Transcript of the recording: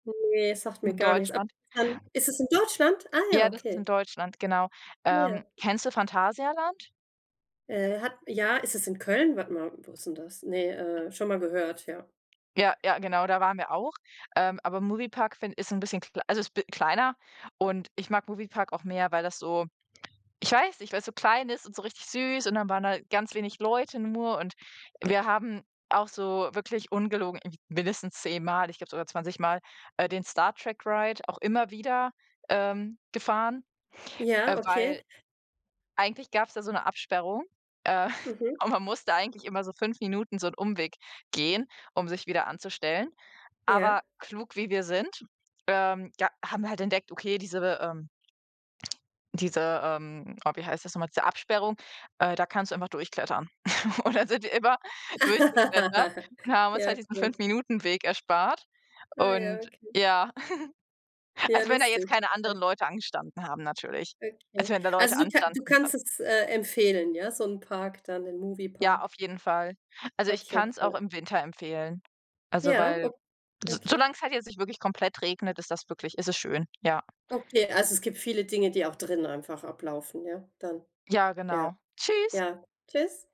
Ne, sagt mir In gar nix. Aber. Deutschland. [unintelligible] Ist es in Deutschland? Ah ja, Ja, das ist in okay. Deutschland, genau. Ah, Ähm, ja. kennst du Phantasialand? Äh, hat ja, ist es in Köln? Warte mal, wo ist denn das? Ne, äh, schon mal gehört, ja. Ja, ja, genau, da waren wir auch. Ähm, aber Movie Park find ist 'n bisschen klei also ist b kleiner und ich mag Movie Park auch mehr, weil das so ich weiß nicht, weil‘s so klein ist und so richtig süß und dann waren da ganz wenig Leute nur und wir haben auch so wirklich ungelogen, m mindestens zehnmal, ich glaube sogar zwanzigmal, äh, den Star Trek Ride auch immer wieder, ähm, gefahren, äh, Ja, weil okay. eigentlich gab‘s da so ‘ne Absperrung, äh, Mhm. und man musste eigentlich immer so 5 Minuten so 'n Umweg gehen, um sich wieder anzustellen. Ja. Aber, klug, wie wir sind, ähm, da haben wir halt entdeckt, okay, diese, ähm diese, ähm, oh, wie heißt das noch mal? Diese Absperrung, äh, da kannst du einfach durchklettern. Und, dann sind wir immer durchgeklettert und haben uns Ja, halt diesen 5 cool. Minuten Weg erspart Ah, ja, und, okay. ja. Ja, Also, wenn da lustig, jetzt keine anderen okay. Leute angestanden haben natürlich. Okay. Also, wenn da Also Leute du ka du anstanden, dann kannst es, äh, empfehlen, ja? So 'n Park dann, den Movie Ja, Park? auf jeden Fall. Also, ich Okay, kann‘s auch cool. im Winter empfehlen. Also, Ja, weil o so okay. solange's halt jetzt nicht wirklich komplett regnet, ist das wirklich ist es schön, ja. Okay, also es gibt viele Dinge, die auch drinnen einfach ablaufen, ja, dann? Ja, Ja. genau. Tschüss. Ja, tschüss.